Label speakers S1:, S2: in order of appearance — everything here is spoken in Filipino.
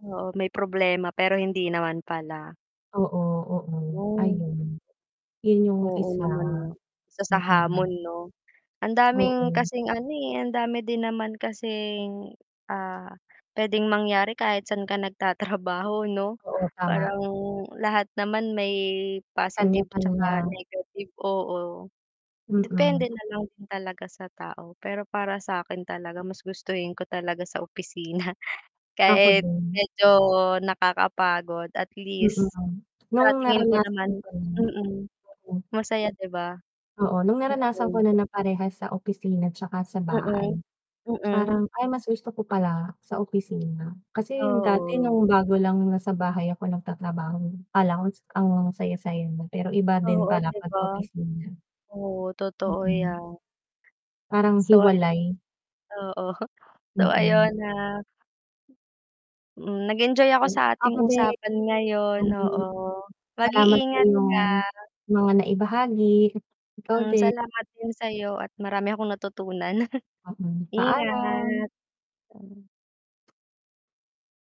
S1: Oo may problema pero hindi naman pala.
S2: Oo, oo
S1: Mm.
S2: ayun. Yun yung
S1: Oo
S2: isa.
S1: naman nga. Isa sa
S2: Mm.
S1: hamon 'no? Ang daming
S2: Oo.
S1: kasing ano eh, ang dami din naman kasing, ah, pwedeng mangyari kahit saan ka nagtatrabaho, 'no?
S2: Oo, tama.
S1: Parang lahat naman may positive, 'tsaka
S2: Kanya-kanya.
S1: negative oo.
S2: Mm.
S1: Depende nalang din talaga sa tao pero para sakin talaga mas gustuhin ko talaga sa opisina
S2: Ako
S1: kahit
S2: din.
S1: medyo nakakapagod at
S2: Oo
S1: least,
S2: nga.
S1: sa
S2: Nung
S1: tingin ko
S2: naranasan
S1: naman
S2: ko na.
S1: mm.
S2: Oo.
S1: Masaya di ba?
S2: Oo nung naranasan ko
S1: Mm.
S2: na na parehas sa opisina tsaka sa
S1: Mm.
S2: bahay,
S1: Mm.
S2: parang ay mas gusto ko pala sa opisina, kasi dati
S1: Oo.
S2: nung bago lang, nasa bahay ako nagtatrabaho, akala ko ang saya-saya na pero iba din
S1: Oo,
S2: pala
S1: di
S2: 'pag
S1: ba?
S2: opisina.
S1: Oo totoo
S2: Mm.
S1: yan.
S2: Parang
S1: So ay
S2: hiwalay.
S1: oo, so ayun
S2: Mm.
S1: na Mm, nag-enjoy ako
S2: Ay,
S1: sa ating
S2: ako di
S1: usapan ngayon,
S2: Mm.
S1: oo.
S2: Salamat sa
S1: Mag-iingat ka.
S2: iyong mga naibahagi, ikaw
S1: Hmm,
S2: din.
S1: salamat din sa'yo at marami akong natutunan.
S2: Mm, paalam.
S1: Ingat. Hmm.